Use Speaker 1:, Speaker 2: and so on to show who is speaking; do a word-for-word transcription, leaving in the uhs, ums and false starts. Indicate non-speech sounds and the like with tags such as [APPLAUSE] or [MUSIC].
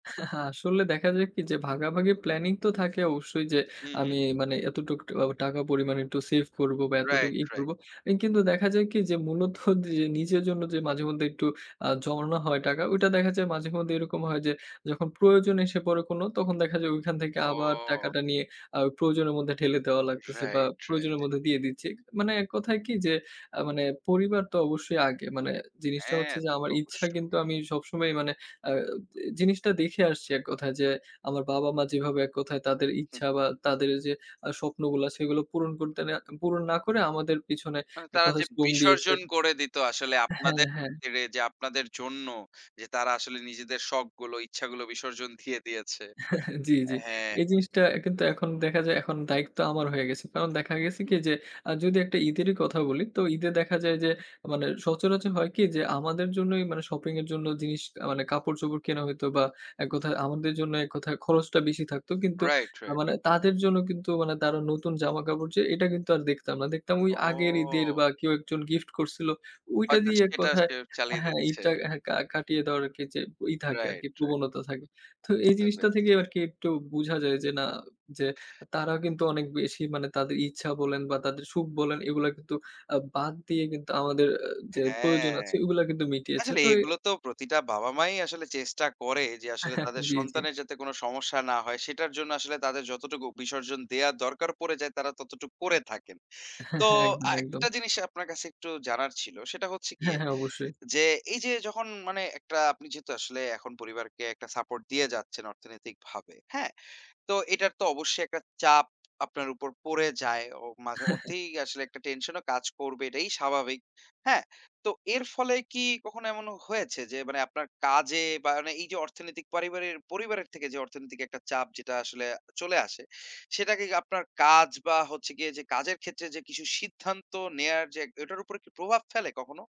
Speaker 1: [SCOFFS] আসলে দেখা যায় কি যে, ভাগাভাগি প্ল্যানিং তো থাকে অবশ্যই যে,
Speaker 2: হু, হু।
Speaker 1: আমি মানে এতটুক টা আবা টাকা পরিমাণ একটু সেভ করব বা এতটুকু
Speaker 2: রাইট,
Speaker 1: ই
Speaker 2: রাইট।
Speaker 1: করব। ইন কিন্তু দেখা যায় কি যে মূলত [SCOFFS] যে নিজের জন্য যে মাঝেমধ্যে একটু আ জমানো হয় টাকা, ঐটা দেখা যায় মাঝে মধ্যে এরকম হয় যে, যখন প্রয়োজন এসে পড়ে কোন তখন দেখা যায় ঐখান থেকে আবার
Speaker 2: ও!
Speaker 1: টাকাটা নিয়ে আ প্রয়োজনের মধ্যে ঠেলে দেওয়া লাগতেছে বা
Speaker 2: রাইট, রাইট।
Speaker 1: প্রয়োজনের মধ্যে দিয়ে দিচ্ছি। মানে এক কথায় কি যে, আ মানে পরিবার তো অবশ্যই আগে মানে জিনিসটা
Speaker 2: হ্যাঁ,
Speaker 1: হচ্ছে যে,
Speaker 2: তা তো
Speaker 1: আমার ইচ্ছা
Speaker 2: অবশ্যই।
Speaker 1: কিন্তু আমি সবসময় মানে আ জি জিনিসটা দেখে আসছি এক কথায় যে, আমার বাবা মা যেভাবে এক কথায় তাদের
Speaker 2: হু।
Speaker 1: ইচ্ছা বা তাদের যে আ স্বপ্নগুলা আছে সেগুলো পূরণ করতে না পূরণ না করে আমাদের পিছনে
Speaker 2: মানে
Speaker 1: এ
Speaker 2: তারা
Speaker 1: কত
Speaker 2: যে
Speaker 1: শ্রম দিয়েছে।
Speaker 2: বিসর্জন করে দিতো আসলে
Speaker 1: হ্যাঁ,
Speaker 2: আপনাদের
Speaker 1: হ্যাঁ।
Speaker 2: খাতিরে যে, আপনাদের জন্য যে, তারা আসলে নিজেদের শখগুলো, ইচ্ছাগুলো বিসর্জন দিয়ে [SCOFFS] দিয়েছে।
Speaker 1: [CHUCKLES] জি, জি।
Speaker 2: হ্যাঁ।
Speaker 1: এই জিনিসটা কিন্তু এখন দেখা যায়, এখন দায়িক্ত আমার হয়ে গেছে। কারণ দেখা গেছে
Speaker 2: হু,
Speaker 1: কি
Speaker 2: হু।
Speaker 1: যে, আ যদি একটা ঈদেরই কথা বলি। তো ঈদে দেখা যায় যে, মানে সচরাচর হয় কি যে, আমাদের জন্যই মানে শপিং এর জন্য জিনিস কা মানে কাপড়-চোপড় কেনা হইতো বা এক কথায় আমাদের জন্য এক কথায় খরচটা বেশি থাকতো। কিন্তু
Speaker 2: রাইট,
Speaker 1: না
Speaker 2: রাইট।
Speaker 1: মানে তাদের জন্য কিন্তু মানে তারা নতুন জামাকাপড় যে, এটা কিন্তু আর দেখতাম না। দেখতাম ঐ আগের ঈদের
Speaker 2: ও!
Speaker 1: বা কেউ এক জন গিফট করছিল ঐটা
Speaker 2: হয়তো
Speaker 1: দিয়ে এক
Speaker 2: সেটা
Speaker 1: কথায়
Speaker 2: সে চালিয়ে
Speaker 1: হ্যাঁ,
Speaker 2: দিচ্ছে।
Speaker 1: ঈদটা হ্যা কা কাটিয়ে দেওয়ার আর কি যে ই থাকে আর কি
Speaker 2: রাইট, রাইট।
Speaker 1: প্রবণতা থাকে। তো এই
Speaker 2: বুঝতে
Speaker 1: জিনিসটা
Speaker 2: পেরেছি।
Speaker 1: থেকেও আর কি একটু বুঝা যায় যে, না যে
Speaker 2: [CHUCKLES]
Speaker 1: তারাও কিন্তু অনেক বেশি মানে তাদের ইচ্ছা বলেন বা তাদের সুখ বলেন এগুলা কিন্তু আ বাদ দিয়ে কিন্তু আমাদের যে প্রয়োজন
Speaker 2: হ্যাঁ।
Speaker 1: আছে ঐগুলা কিন্তু মিটিয়েছে।
Speaker 2: আসলে
Speaker 1: তো এ
Speaker 2: এগুলো তো প্রতিটা বাবা-মা ই আসলে চেষ্টা করে যে, আসলে তাদের
Speaker 1: [CHUCKLES] জি, জি।
Speaker 2: সন্তানের যাতে কোন সমস্যা না হয়। সেটার জন্য আসলে তাদের যতটুকু বিসর্জন দেয়ার দরকার পড়ে যায় তারা ততটুক করে থাকেন। তো
Speaker 1: [CHUCKLES] একদম,
Speaker 2: আ
Speaker 1: একদম।
Speaker 2: একটা জিনিস আপনার কাছে একটু জানার ছিল। সেটা হচ্ছে
Speaker 1: হ্যাঁ,
Speaker 2: গিয়ে
Speaker 1: হ্যাঁ, অবশ্যই।
Speaker 2: যে, এই যে যখন মানে একটা আপনি যেহেতু আসলে এখন পরিবারকে একটা সাপোর্ট দিয়ে যাচ্ছেন অর্থনৈতিকভাবে, হ্যাঁ? তো এটার তো অবশ্যই এক টা চাপ আপনার উপর পড়ে যায়। অ মাঝেমধ্যেই আসলে এক
Speaker 1: [CHUCKLES]
Speaker 2: টা টেনশন ও কাজ করবে এটাই স্বাভাবিক। হ্যাঁ? তো এর ফলে কি কখনো এমন হয়েছে যে, মানে আপনার কাজে বা মানে এই যে অর্থনৈতিক পারিবারের পরিবারের থেকে যে অর্থনৈতিক একটা চাপ যেটা আসলে চলে আসে, সেটাকে কি আপনার কাজ বা হচ্ছে গিয়ে যে কাজের ক্ষেত্রে যে, কিছু সিদ্ধান্ত নেওয়ার যে, এক ওটার উপর কি প্রভাব ফেলে কখনো?